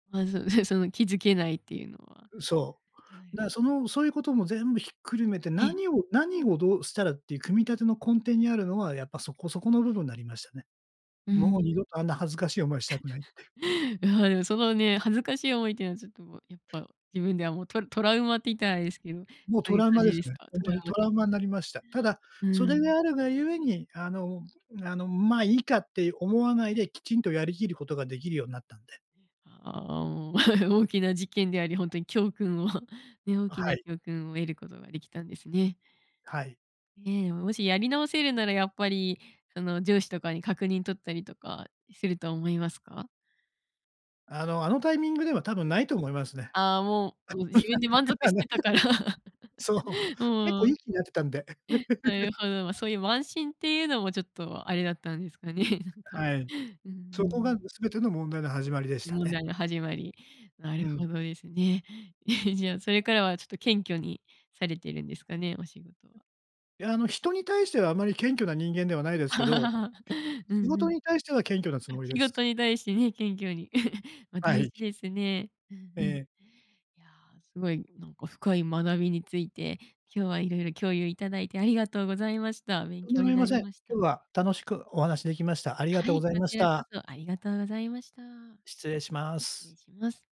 まず、ね、その気付けないっていうのは。はうん、そう。い。だから、その、そういう事も全部ひっくるめて、ええ。何を何をどうしたらっていう組み立ての根底にあるのは、やっぱ、そこそこの部分なりましたね。うーもうん。二度と、あんな恥ずかしい思いした くない。やはり、そのね、恥ずかしい思いっていうのは、ちょっと、やっぱ、自分ではもうトラトラウマっていったらあれですけど、もうそトういうラウ感マでじすですね、か？ほんトとラウに。トマラ的ウマになな。りました。ただ、うーそれん。があるが故に、あの、あの、ま、いいかって思わないで、きちんとやり切る事が出来るようになったんで。ああ、おお 大きな事件であり、ほんとに教訓を、ね、大あ、きはない。教訓を得る事が出来たんですね。はい。ねえ、もし、やり直せるなら、やっぱりその上司とかに確認取ったりとかすると思いますか？あの、あのタイミングでは、多分ないと思いますね。ああ、もう、も、自分で満足して たから。もう確認はないと思う。そうう。結ー構いいん。気になってたんで。なる ほど、そういう慢心っていうのも、ちょっとあれだったんですかね、なんか。はい。うんうそこが、ん。も、すべての問題の始まりでした問ね。題が始まり。なうるん。ほどですね。じゃあ、それからは、ちょっと謙虚にされてるんですかね、お仕事は。や、あの、人に対してはあまり謙虚な人間ではないですけど、う仕んう事ん。に対しては謙虚なつあ、もりで仕す。事に対してね、謙虚に。ま、は大事い。ですね。うんえうん。いえ。や、凄い、なんか、深い学びについて、今日は色々共有頂いて、ありがとうございました。勉とんで強もあにりなませりん。ました。今日は楽しくお話出来ました。ありがはとうごい、ざいこましちらこた。そ、ありがとうございました。失礼しま失す。礼します。